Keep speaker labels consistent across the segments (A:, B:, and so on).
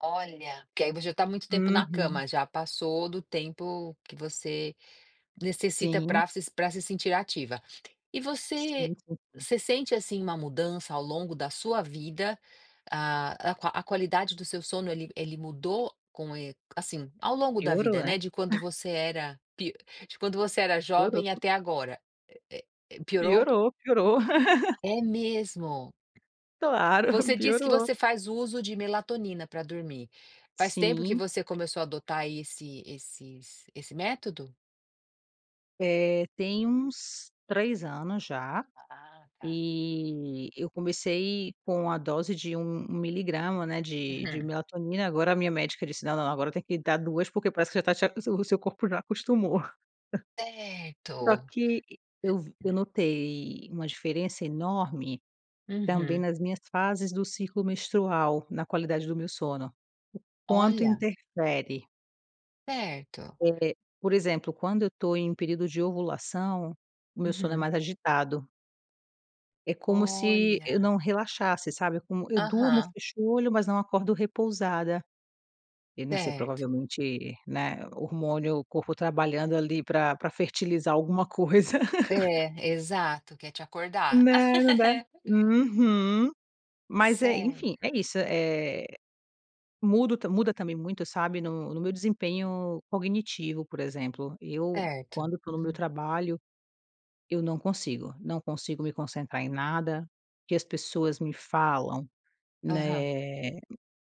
A: Olha, porque aí você já tá muito tempo na
B: Uhum.
A: cama, já passou do tempo que você necessita
B: Sim.
A: pra se pra se sentir ativa. E você
B: Sim, sim, sim.
A: você sente, assim, uma mudança ao longo da sua vida? Ah, a qua a qualidade do seu sono ele ele mudou com e assim, ao longo da
B: Piorou,
A: vida,
B: né?
A: né, de quando você era pi de quando você era
B: Piorou.
A: jovem até agora, eh eh, é. Piorou?
B: Piorou, piorou.
A: É mesmo.
B: Claro,
A: Você diz que
B: piorou.
A: você faz uso de melatonina pra dormir. Faz tempo que
B: Sim.
A: você começou a adotar esse esses esse método?
B: Eh, tem uns 3 anos já,
A: Ah tá.
B: eh, eu comecei com a dose de um um miligrama, né, de de
A: Uhum.
B: melatonina, agora a minha médica disse não, não, agora tem que dar 2, porque parece que já tá te o seu corpo já acostumou. Só
A: Certo.
B: que eu vi eu notei uma diferença enorme também
A: Uhum.
B: nas minhas fases do ciclo menstrual, na qualidade do meu sono, o quanto
A: Olha.
B: interfere.
A: Certo.
B: É, por exemplo, quando eu tô em um período de ovulação, o meu sono é
A: Uhum.
B: mais agitado. É como se eu não
A: Olha.
B: relaxasse, sabe, como eu durmo
A: Aham.
B: fecho olho mas não acordo repousada, Eu não sei,
A: Certo.
B: provavelmente, né, hormônio, o corpo trabalhando ali pra pra fertilizar alguma coisa.
A: É, exato, quer te acordar.
B: Não, não da uhum. Mas é,
A: Certo.
B: enfim, é isso, eh, muda o muda também muito, sabe, no no meu desempenho cognitivo, por exemplo, eu
A: Certo,
B: quando tô no meu
A: uhum.
B: trabalho, eu não consigo, não consigo me concentrar em nada, que as pessoas me falam,
A: Aham.
B: né,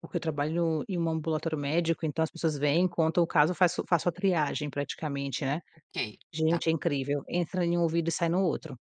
B: porque eu trabalho em um ambulatório médico, então as pessoas vêm, contam o caso faço eu faço a triagem praticamente, né,
A: Ok, tá.
B: gente é incrível, entra em um ouvido e sai no outro.